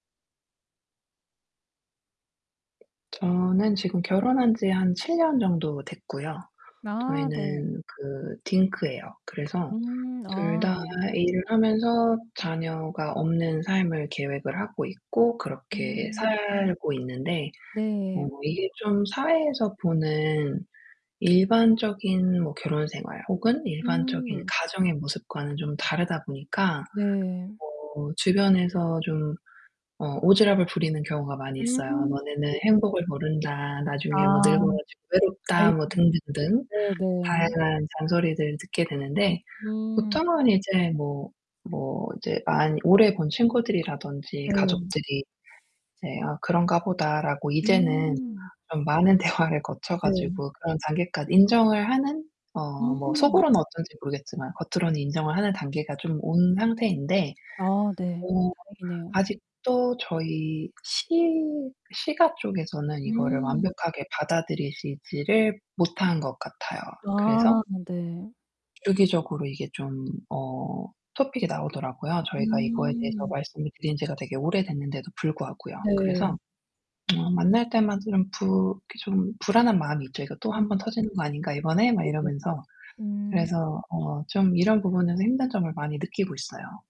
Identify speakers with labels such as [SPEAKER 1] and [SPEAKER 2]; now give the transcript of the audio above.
[SPEAKER 1] 저는 지금 결혼한 지 한 7 년 정도 됐고요.
[SPEAKER 2] 아, 네.
[SPEAKER 1] 저희는 그 딩크예요. 그래서
[SPEAKER 2] 음
[SPEAKER 1] 둘
[SPEAKER 2] 아
[SPEAKER 1] 다
[SPEAKER 2] 네.
[SPEAKER 1] 일을 하면서 자녀가 없는 삶을 계획을 하고 있고 그렇게
[SPEAKER 2] 음.
[SPEAKER 1] 살고 있는데
[SPEAKER 2] 네.
[SPEAKER 1] 어 이게 좀 사회에서 보는 일반적인 뭐 결혼 생활, 혹은 일반적인
[SPEAKER 2] 음.
[SPEAKER 1] 가정의 모습과는 좀 다르다 보니까
[SPEAKER 2] 네.
[SPEAKER 1] 어 주변에서 좀 어 오지랖을 부리는 경우가 많이 있어요.
[SPEAKER 2] 음.
[SPEAKER 1] "너네는
[SPEAKER 2] [unintelligible]
[SPEAKER 1] 행복을 모른다. 나중에 뭐
[SPEAKER 2] 아
[SPEAKER 1] 늙어 가지고 외롭다."
[SPEAKER 2] 아이고.
[SPEAKER 1] 뭐 등등등
[SPEAKER 2] 네네.
[SPEAKER 1] 다양한 잔소리들을 듣게 되는데
[SPEAKER 2] 음.
[SPEAKER 1] 보통은 이제 뭐 뭐 이제 많이 오래 본 친구들이라든지
[SPEAKER 2] 네.
[SPEAKER 1] 가족들이 이제 '아 그런가 보다.'라고 이제는
[SPEAKER 2] 음.
[SPEAKER 1] 좀 많은 대화를 거쳐
[SPEAKER 2] 네.
[SPEAKER 1] 가지고 그런 단계까지 인정을 하는 어 뭐
[SPEAKER 2] 음.
[SPEAKER 1] 속으로는 어떤지 모르겠지만 겉으로는 인정을 하는 단계가 좀 온 상태인데
[SPEAKER 2] 아, 네.
[SPEAKER 1] 어
[SPEAKER 2] 다행이네요.
[SPEAKER 1] 아직도 저희 시 시가 쪽에서는 이거를
[SPEAKER 2] 음.
[SPEAKER 1] 완벽하게 받아들이시지를 못한 것 같아요. 그래서
[SPEAKER 2] 아, 네.
[SPEAKER 1] 주기적으로 이게 좀 어 토픽이 나오더라고요. 저희가 이거에 대해서
[SPEAKER 2] 음.
[SPEAKER 1] 말씀을 드린 지가 되게 오래됐는데도 불구하고요.
[SPEAKER 2] 네.
[SPEAKER 1] 그래서 어 만날 때마다 이런 부 이렇게 좀 불안한 마음이 있죠. 이거 또
[SPEAKER 2] 음
[SPEAKER 1] '한번 터지는 것 아닌가, 이번에?' 막
[SPEAKER 2] 네네.
[SPEAKER 1] 이러면서.
[SPEAKER 2] 음.
[SPEAKER 1] 그래서 어 좀 이런 부분에서 힘든 점을 많이 느끼고 있어요.